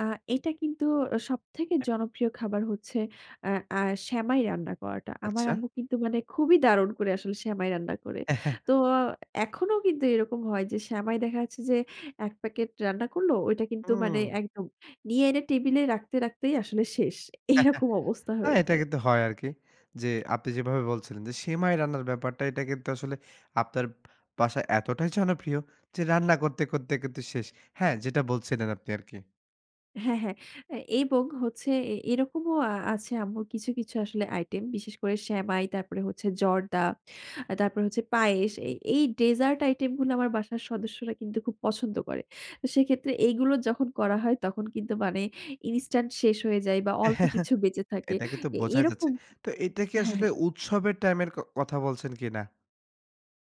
আ এইটা কিন্তু সবথেকে জনপ্রিয় খাবার হচ্ছে আ আ সেমাই রান্না করাটা। আমার আচ্ছা। আম্মু কিন্তু মানে খুবই দারুণ করে আসলে সেমাই রান্না করে। তো এখনও কিন্তু এরকম হয় যে সেমাই দেখা যাচ্ছে যে এক প্যাকেট রান্না করল, ওইটা কিন্তু মানে হুম। একদম নিয়ে এনে টেবল এ রাখতে, রাখতেই আসলে শেষ। এরকম অবস্থা হ্যাঁ, হয়ে এটা যায়। কিন্তু হয় আরকি যে আপনি যেভাবে বলছিলেন যে সেমাই রান্নার ব্যাপারটা এটা কিন্তু আসলে আপনার বাসায় এতটাই জনপ্রিয় যে রান্না করতে, করতে, করতে শেষ। হ্যাঁ যেটা বলছিলেন আপনি আরকি। হ্যাঁ, হ্যাঁ, এ এবং হচ্ছে এ এরকমও আছে আম্মুর কিছু, কিছু আসলে আইটেম বিশেষ করে সেমাই, তারপরে হচ্ছে জর্দা, আ তারপরে হচ্ছে পায়েস। এ এই ডেজার্ট আইটেম গুলো আমার বাসার সদস্যরা কিন্তু খুব পছন্দ করে। সেক্ষেত্রে এইগুলো যখন করা হয় তখন কিন্তু মানে ইনস্টান্ট শেষ হয়ে যায় বা অল্প কিছু বেঁচে থাকে। এটাকে তো এ বোঝাই যাচ্ছে। এরকম তো এটা কি হ্যাঁ, হ্যাঁ। আসলে উৎসবের টাইম এর ক কথা বলছেন কিনা?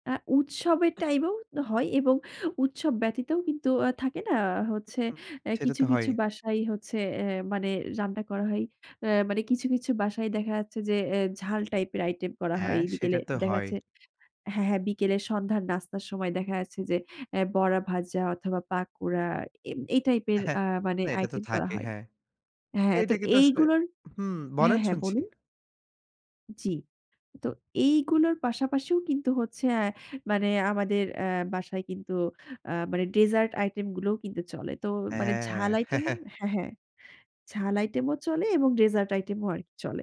আ উৎসবের টাইমেও হয় এবং উৎসব ব্যতীতও কিন্তু আ থাকে না হচ্ছে হুম, আ সেটা কিছু, তো হয়ই। কিছু বাসায় হচ্ছে অ্যাঁ মানে রান্না করা হয়। আ মানে কিছু, কিছু বাসায় দেখা যাচ্ছে যে এ ঝাল টাইপ এর আইটেম করা হয় হ্যাঁ, এই সেটা বিকেলে তো দেখা হয়ই। যাচ্ছে হ্যাঁ, হ্যাঁ বিকেলে সন্ধ্যার নাস্তার সময় দেখা যাচ্ছে যে আ বড়া ভাজা অথবা পাকুড়া এই এই টাইপ এর আ মানে না এটা তো আইটেম করা থাকেই, হয়। হ্যাঁ। হ্যাঁ, তো এইটা কিন্তু আসলে এইগুলোর হুম, হ্যাঁ, বলেন হ্যাঁ শুনছি। বলুন। জি, তো এইগুলোর পাশাপাশিও কিন্তু হচ্ছে অ্যাঁ মানে আমাদের আ বাসায় কিন্তু আ মানে ডেজার্ট আইটেম গুলোও কিন্তু চলে। তো মানে ঝাল হ্যাঁ। আইটেম ও হ্যাঁ, হ্যাঁ, ঝাল আইটেম ও চলে এবং ডেজার্ট আইটেম ও আরকি চলে।